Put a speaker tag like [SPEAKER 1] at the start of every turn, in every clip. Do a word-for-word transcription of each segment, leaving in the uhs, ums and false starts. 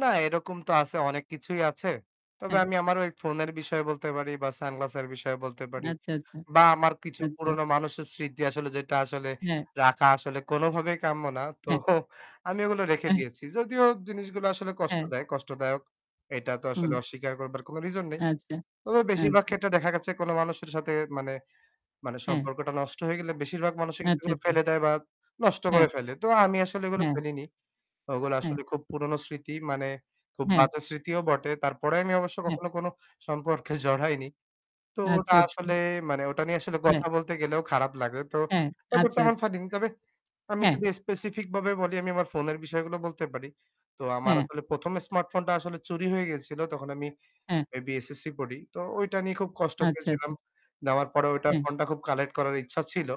[SPEAKER 1] না, এরকম তো আছে, অনেক কিছুই আছে। তবে
[SPEAKER 2] হ্যাঁ।
[SPEAKER 1] আমি আমার ওই ফোনের বিষয় বলতে পারি বা সানগ্লাসের বিষয় বলতে পারি
[SPEAKER 2] আচ্ছা, আচ্ছা,
[SPEAKER 1] বা আমার কিছু
[SPEAKER 2] আচ্ছা।
[SPEAKER 1] পুরনো মানুষের স্মৃতি আসলে যেটা আসলে
[SPEAKER 2] হ্যাঁ।
[SPEAKER 1] রাখা আসলে কোনো ভাবেই কাম্য না। তো
[SPEAKER 2] হ্যাঁ।
[SPEAKER 1] আমি ওগুলো রেখে
[SPEAKER 2] অ্যা হ্যাঁ।
[SPEAKER 1] দিয়েছি। যদিও জিনিসগুলা আসলে কষ্ট
[SPEAKER 2] হ্যাঁ।
[SPEAKER 1] দেয়, কষ্টদায়ক এটা তো
[SPEAKER 2] হুম।
[SPEAKER 1] আসলে অস্বীকার করবার কোনো reason নেই।
[SPEAKER 2] আচ্ছা,
[SPEAKER 1] তবে বেশিরবাগ
[SPEAKER 2] আচ্ছা।
[SPEAKER 1] ক্ষেত্রে দেখা গেছে কোনো মানুষের সাথে মানে, মানে
[SPEAKER 2] হ্যাঁ।
[SPEAKER 1] সম্পর্কটা নষ্ট হয়ে গেলে বেশিরভাগ মানুষই কিন্তু
[SPEAKER 2] আচ্ছা,
[SPEAKER 1] এগুলো
[SPEAKER 2] আচ্ছা।
[SPEAKER 1] ফেলে দেয় বা নষ্ট
[SPEAKER 2] হ্যাঁ।
[SPEAKER 1] করে ফেলে। তো আমি আসলে এগুলো
[SPEAKER 2] হ্যাঁ।
[SPEAKER 1] ফেলিনি। ওগুলা
[SPEAKER 2] হ্যাঁ।
[SPEAKER 1] আসলে খুব পুরনো স্মৃতি মানে খুব
[SPEAKER 2] হ্যাঁ।
[SPEAKER 1] বাজে স্মৃতিও বটে। তারপরে আমি অবশ্য
[SPEAKER 2] হ্যাঁ।
[SPEAKER 1] কখনো কোনো সম্পর্কে জড়াইনি। তো
[SPEAKER 2] আচ্ছা,
[SPEAKER 1] ওটা
[SPEAKER 2] আচ্ছা।
[SPEAKER 1] আসলে মানে, ওটা নিয়ে আসলে
[SPEAKER 2] হ্যাঁ।
[SPEAKER 1] কথা বলতে গেলেও খারাপ লাগে। তো
[SPEAKER 2] হ্যাঁ,
[SPEAKER 1] ব্যাপারটা
[SPEAKER 2] আচ্ছা,
[SPEAKER 1] এমন
[SPEAKER 2] আচ্ছা।
[SPEAKER 1] ফানি। তবে আমি
[SPEAKER 2] হ্যাঁ।
[SPEAKER 1] যদি specific বাবে বলি আমি আমার ফোনের বিষয়গুলো বলতে পারি। তো আমার
[SPEAKER 2] হ্যাঁ।
[SPEAKER 1] আসলে প্রথম, smartphone টা আসলে চুরি হয়ে গেছিল। তখন আমি
[SPEAKER 2] হ্যাঁ।
[SPEAKER 1] maybe SSC পড়ি। তো ওইটা নিয়ে খুব কষ্ট
[SPEAKER 2] আচ্ছা,
[SPEAKER 1] পেয়েছিলাম।
[SPEAKER 2] আচ্ছা।
[SPEAKER 1] নেওয়ার পরে ওইটা
[SPEAKER 2] হ্যাঁ।
[SPEAKER 1] phone টা খুব collect করার ইচ্ছা ছিল।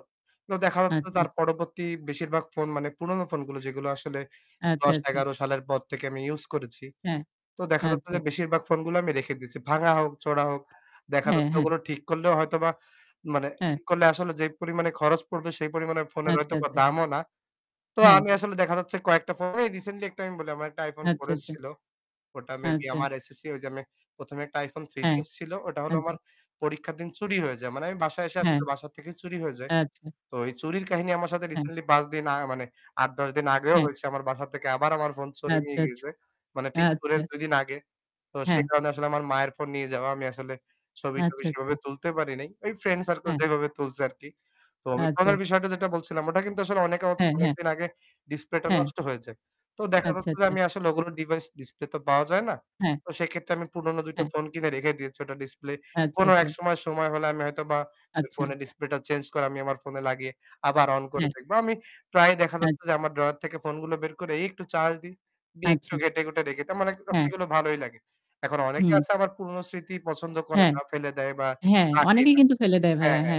[SPEAKER 1] তো দেখা
[SPEAKER 2] আচ্ছা,
[SPEAKER 1] যাচ্ছে
[SPEAKER 2] আচ্ছা।
[SPEAKER 1] তার পরবর্তী বেশিরবাগ phone মানে পুরনো phone গুলো যেগুলো আসলে
[SPEAKER 2] আচ্ছা, আচ্ছা।
[SPEAKER 1] দশ-এগারো সালের পর থেকে আমি use করেছি।
[SPEAKER 2] হ্যাঁ,
[SPEAKER 1] তো দেখা যাচ্ছে
[SPEAKER 2] আচ্ছা।
[SPEAKER 1] যে বেশিরভাগ phone গুলা আমি রেখে দিয়েছি। ভাঙা হোক, চোঁড়া হোক, দেখা
[SPEAKER 2] হ্যাঁ,
[SPEAKER 1] যাচ্ছে
[SPEAKER 2] হ্যাঁ।
[SPEAKER 1] ওগুলো ঠিক করলেও হয়তোবা মানে
[SPEAKER 2] হ্যাঁ।
[SPEAKER 1] ঠিক করলে আসলে যে পরিমাণে খরচ পড়বে সেই পরিমাণে phone এর
[SPEAKER 2] আচ্ছা,
[SPEAKER 1] হয়তোবা
[SPEAKER 2] আচ্ছা।
[SPEAKER 1] দামও না। তো
[SPEAKER 2] হ্যাঁ।
[SPEAKER 1] আমি আসলে দেখা যাচ্ছে কয়েকটা phone ই recently একটা আমি বলি, আমার একটা iphone
[SPEAKER 2] আচ্ছা,
[SPEAKER 1] 4s
[SPEAKER 2] আচ্ছা।
[SPEAKER 1] ছিল। ওটা maybe
[SPEAKER 2] আচ্ছা।
[SPEAKER 1] আমার SSC ওই যে আমি প্রথম, এ একটা iPhone
[SPEAKER 2] হ্যাঁ,
[SPEAKER 1] 3gs ছিল। ওটা হলো আমার
[SPEAKER 2] আচ্চা।
[SPEAKER 1] পরীক্ষার দিন চুরি হয়ে যায়। মানে আমি বাসায় এসে
[SPEAKER 2] হ্যাঁ।
[SPEAKER 1] আসলে বাসা থেকেই চুরি হয়ে যায়।
[SPEAKER 2] আচ্ছা।
[SPEAKER 1] তো ওই চুরির কাহিনী আমার সাথে
[SPEAKER 2] হ্যাঁ।
[SPEAKER 1] recently পাঁচ দিন আ মানে আট-দশ দিন আগেও
[SPEAKER 2] হ্যাঁ।
[SPEAKER 1] হয়েছে। আমার বাসা থেকে আবার আমার phone চোরে নিয়ে
[SPEAKER 2] আচ্ছা, আচ্ছা,
[SPEAKER 1] গিয়েছে। মানে ঠিক
[SPEAKER 2] আচ্ছা।
[SPEAKER 1] [unintelligible] দুই দিন আগে। তো সেই
[SPEAKER 2] হ্যাঁ।
[SPEAKER 1] কারণে আসলে আমার মায়ের phone নিয়ে যাওয়া আমি আসলে ছবি-টবি
[SPEAKER 2] আচ্ছা,
[SPEAKER 1] সেভাবে
[SPEAKER 2] আচ্ছা।
[SPEAKER 1] তুলতে পারি নাই। ওই friend circle
[SPEAKER 2] হ্যাঁ।
[SPEAKER 1] যেভাবে তুলছে আর কি। তো আমি
[SPEAKER 2] আচ্ছা,
[SPEAKER 1] phone এর
[SPEAKER 2] আচ্ছা।
[SPEAKER 1] বিষয়টা যেটা বলছিলাম ওটা কিন্তু আসলে অনেকে
[SPEAKER 2] হ্যাঁ, হ্যাঁ।
[SPEAKER 1] অনেকদিন আগে display টা
[SPEAKER 2] হ্যাঁ।
[SPEAKER 1] নষ্ট হয়ে যায়। তো দেখা
[SPEAKER 2] আচ্ছা,
[SPEAKER 1] যাচ্ছে যে
[SPEAKER 2] আচ্ছা।
[SPEAKER 1] আমি আসলে ওগুলো device display তো পাওয়া যায় না।
[SPEAKER 2] হ্যাঁ।
[SPEAKER 1] তো সেক্ষেত্রে আমি পুরনো দুই টা
[SPEAKER 2] হ্যাঁ।
[SPEAKER 1] phone কিনে রেখে দিয়েছি। ওটার display
[SPEAKER 2] আচ্ছা,
[SPEAKER 1] কোনো
[SPEAKER 2] আচ্ছা।
[SPEAKER 1] একসময়, সময় হলে আমি হয়তোবা ওই
[SPEAKER 2] আচ্ছা।
[SPEAKER 1] phone এর display টা change করে আমি আমার phone লাগিয়ে আবার on করে
[SPEAKER 2] হ্যাঁ।
[SPEAKER 1] দেখব। আমি প্রায় দেখা
[SPEAKER 2] আই
[SPEAKER 1] যাচ্ছে যে আমার drawer থেকে phone গুলো বের করে এই একটু charge দিই, দিয়ে একটু
[SPEAKER 2] আচ্ছা।
[SPEAKER 1] ঘেঁটে-ঘুঁটে রেখে দিই। তার মানে
[SPEAKER 2] হ্যাঁ।
[SPEAKER 1] [unintelligible] গেলেও ভালোই লাগে। এখন অনেকে
[SPEAKER 2] হুম।
[SPEAKER 1] আছে আবার পুরনো স্মৃতি পছন্দ করে
[SPEAKER 2] হ্যাঁ।
[SPEAKER 1] না, ফেলে দেয় বা
[SPEAKER 2] হ্যাঁ,
[SPEAKER 1] রাখে
[SPEAKER 2] অনেকেই
[SPEAKER 1] না।
[SPEAKER 2] কিন্তু ফেলে দেয়
[SPEAKER 1] হ্যাঁ,
[SPEAKER 2] ভাইয়া, হ্যাঁ।
[SPEAKER 1] হ্যাঁ।